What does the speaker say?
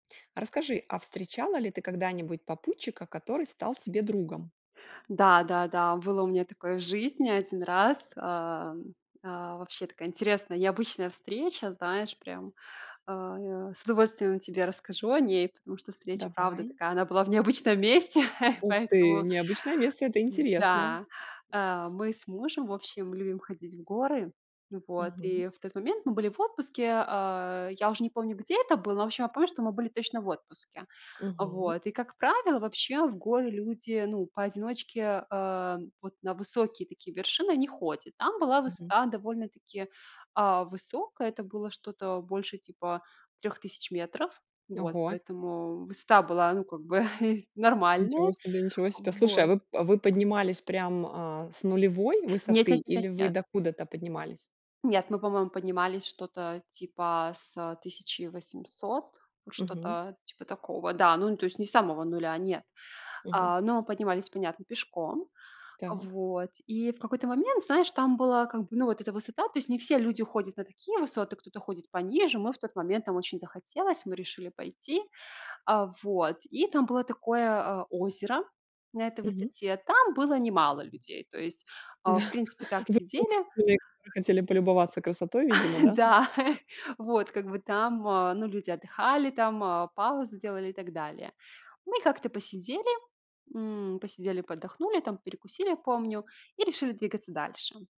Расскажи, а встречала ли ты когда-нибудь попутчика, который стал тебе другом? Да-да-да, было у меня такое в жизни 1 раз, э-э, э-э, вообще такая интересная, необычная встреча, знаешь, прям, э-э, с удовольствием тебе расскажу о ней, потому что встреча правда Давай. такая, она была в необычном месте. Ух ты, Поэтому необычное место, это интересно. Да, э, мы с мужем, в общем, любим ходить в горы. Вот, Мгм. и в тот момент мы были в отпуске. Э, я уже не помню, где это было, но, в общем, я помню, что мы были точно в отпуске. Мгм. Вот, и, как правило, вообще в горы люди, ну, поодиночке, э, вот на высокие такие вершины не ходят. Там была Мгм. высота довольно-таки, э, высокая. Это было что-то больше типа 3000 метров. Вот, Ого! поэтому высота была, ну, как бы Ничего нормальная. себе ничего себе. Слушай, а Вот. вы а вы поднимались прям, э, с нулевой Нет высоты, нет нет нет или вы нет. докуда-то поднимались? Нет, мы, по-моему, поднимались что-то типа с 1800, вот Мгм. что-то типа такого. Да, ну, то есть не с самого 0, нет, Мгм. э-э, но поднимались, понятно, пешком. Так. Вот. И в какой-то момент, знаешь, там была как бы, ну, вот эта высота, то есть не все люди ходят на такие высоты, кто-то ходит пониже. Мы в тот момент нам очень захотелось, мы решили пойти. А, вот. И там было такое, э, озеро, на этой Мгм. высоте. Там было немало людей. То есть, э, Да. в принципе, так Вы сидели [unintelligible] хотели полюбоваться красотой, видимо, да? да, вот, как бы там, э, ну, люди отдыхали там, э, паузы делали, и так далее. Мы как-то посидели, мм, посидели, поотдохнули там, перекусили, помню. И решили двигаться дальше.